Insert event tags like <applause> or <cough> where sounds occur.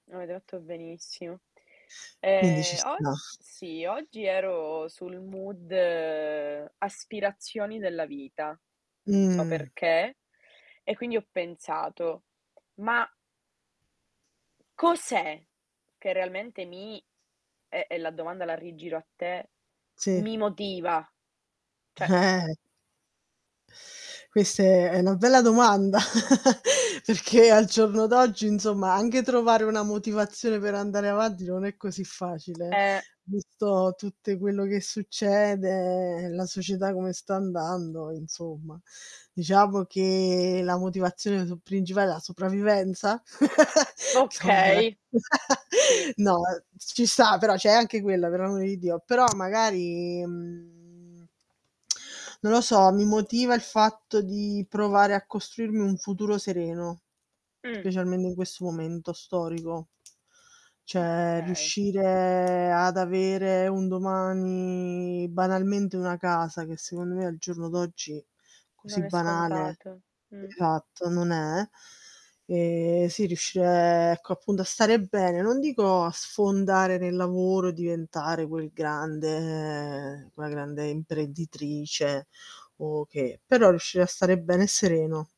Avete fatto benissimo. Quindi ci Ehm, og sta. sì, oggi ero sul mood aspirazioni della vita. Non so Mh. perché. E quindi ho pensato: "Ma" "cos'è che realmente mi e e la domanda la rigiro a te, Sì. mi motiva?" Cioè Eh. Queste è è una bella domanda, <chuckles> perché al giorno d'oggi, insomma, anche trovare una motivazione per andare avanti non è così facile, eh Eh. visto tutte quello che succede, la società come sta andando, insomma. Diciamo che la motivazione sul principale è la sopravvivenza? <chuckles> Insomma, eh. Okay, <laughs> sì. No, uhm, ci sta però c'è anche quella, per amore di Dio, però magari, mhmm, <tsk> non lo so, mi motiva il fatto di provare a costruirmi un futuro sereno, Mh. specialmente in questo momento storico. Cioè Okay. riuscire ad avere un domani, banalmente una casa, che secondo me al giorno d'oggi così Non è banale, scontato, mh. esatto, non è, ehm, sì, riuscire ecco appunto a stare bene, non dico a sfondare nel lavoro, diventare quel grande quella grande imprenditrice o che, però riuscire a stare bene e sereno.